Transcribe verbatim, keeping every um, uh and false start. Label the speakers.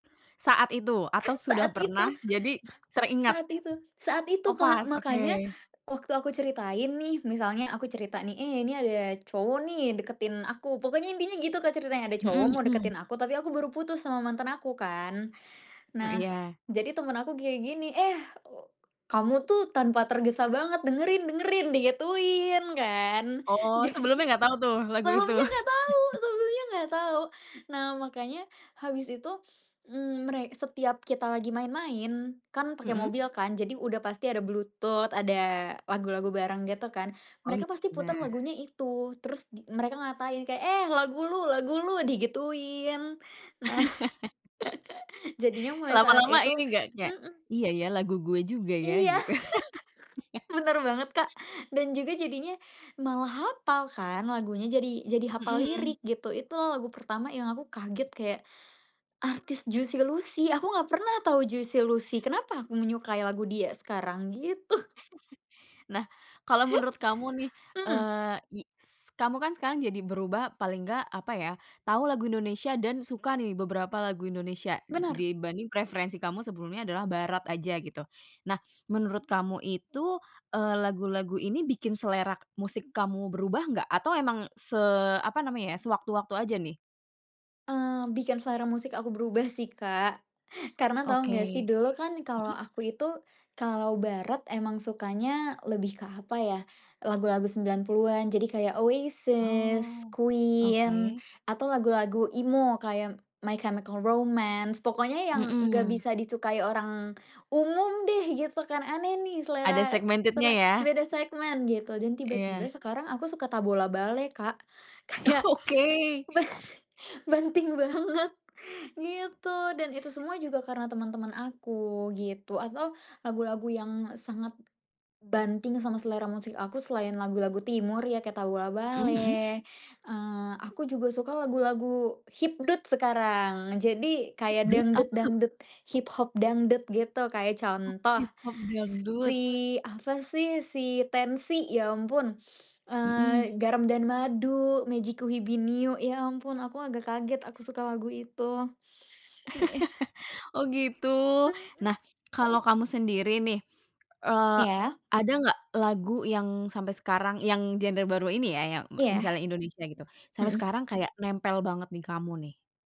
Speaker 1: Saat itu? Atau sudah
Speaker 2: Saat itu,
Speaker 1: pernah? Jadi,
Speaker 2: sa
Speaker 1: teringat?
Speaker 2: saat itu saat itu,
Speaker 1: Oh
Speaker 2: Kak.
Speaker 1: pas,
Speaker 2: Makanya,
Speaker 1: oke.
Speaker 2: waktu aku ceritain nih, misalnya aku cerita nih, "Eh ini ada cowok nih deketin aku." Pokoknya intinya gitu, Kak, ceritanya ada cowok
Speaker 1: Mhm
Speaker 2: mau
Speaker 1: mhm.
Speaker 2: deketin aku. Tapi aku baru putus sama mantan aku kan.
Speaker 1: Mmm,
Speaker 2: Nah,
Speaker 1: iya.
Speaker 2: jadi temen aku kayak gini, "Eh, u kamu tuh tanpa tergesa banget dengerin dengerin," digituin kan.
Speaker 1: Oh,
Speaker 2: Jadi,
Speaker 1: sebelumnya nggak tau tuh lagu itu?
Speaker 2: sebelumnya nggak tahu sebelumnya nggak tahu. Nah makanya habis itu, mmm, mere setiap kita lagi main-main kan pakai
Speaker 1: Mhm.
Speaker 2: mobil kan, jadi udah pasti ada Bluetooth ada lagu-lagu bareng gitu kan,
Speaker 1: Oh, it
Speaker 2: mereka pasti putar
Speaker 1: benar.
Speaker 2: lagunya itu. Terus di mereka ngatain kayak, "Eh, lagu lu lagu lu," digituin. Nah jadinya mulai saat
Speaker 1: Lama-lama
Speaker 2: itu
Speaker 1: ini nggak nggak,
Speaker 2: mhm.
Speaker 1: "Iya ya lagu gue juga ya,"
Speaker 2: Iya.
Speaker 1: gitu.
Speaker 2: Bener banget, Kak, dan juga jadinya malah hafal kan lagunya. Jadi jadi
Speaker 1: Mhm
Speaker 2: hafal
Speaker 1: mhm.
Speaker 2: lirik gitu, itu lagu pertama yang aku kaget kayak, artis Juicy Luicy aku nggak pernah tahu Juicy Luicy kenapa aku menyukai lagu dia sekarang gitu.
Speaker 1: Nah, kalau menurut kamu nih,
Speaker 2: Mhm.
Speaker 1: eee, iks kamu kan sekarang jadi berubah paling nggak, apa ya, tau lagu Indonesia dan suka nih beberapa lagu Indonesia
Speaker 2: Bener.
Speaker 1: dibanding preferensi kamu sebelumnya adalah barat aja gitu. Nah menurut kamu itu, eee, lagu-lagu ini bikin selera musik kamu berubah nggak? Atau emang se apa namanya ya, sewaktu-waktu aja nih?
Speaker 2: Eee, bikin selera musik aku berubah sih, Kak. Karena tau
Speaker 1: Oke,
Speaker 2: nggak sih
Speaker 1: mhm.
Speaker 2: dulu kan kalau aku itu, kalau barat emang sukanya lebih ke, apa ya, lagu-lagu sembilan puluhan jadi kayak Oasis,
Speaker 1: Oh,
Speaker 2: Queen
Speaker 1: Oke.
Speaker 2: atau lagu-lagu emo kayak My Chemical Romance pokoknya yang nggak
Speaker 1: Mhm.
Speaker 2: bisa disukai orang umum deh gitu kan. Aneh nih
Speaker 1: Ada
Speaker 2: selera s
Speaker 1: segmented-nya
Speaker 2: sele
Speaker 1: ya.
Speaker 2: beda segmen gitu dan tiba tiba
Speaker 1: Iya.
Speaker 2: sekarang aku suka Tabola Bale, Kak.
Speaker 1: Oh
Speaker 2: Kayak,
Speaker 1: oke.
Speaker 2: ba banting banget. Gitu dan itu semua juga karena teman-teman aku gitu atho lagu-lagu yang sangat, banting sama selera musik aku selain lagu-lagu timur ya kayak Tabola
Speaker 1: Mhm mhm.
Speaker 2: Bale. Eee, aku juga suka lagu-lagu hipdut sekarang. Jadi kayak
Speaker 1: Dut apa tuh?
Speaker 2: dangdut-dangdut, hip hop dangdut gitu kayak
Speaker 1: Oh,
Speaker 2: contoh,
Speaker 1: hip hop dangdut.
Speaker 2: si apa sih si Tenxi ya ampun,
Speaker 1: Mhm.
Speaker 2: eee, "Garam& Madu," "Mejikuhibiniu," ya ampun aku agak kaget aku suka lagu itu. Heeh.
Speaker 1: Oh gitu.
Speaker 2: Mhm.
Speaker 1: Nah kalo kamu sendiri nih, eee,
Speaker 2: Iya.
Speaker 1: ada nggak lagu yang sampai sekarang yang genre baru ini ya, yang me
Speaker 2: Iya.
Speaker 1: misalnya Indonesia gitu, sampe
Speaker 2: Mhm.
Speaker 1: sekarang kayak nempel banget di kamu nih?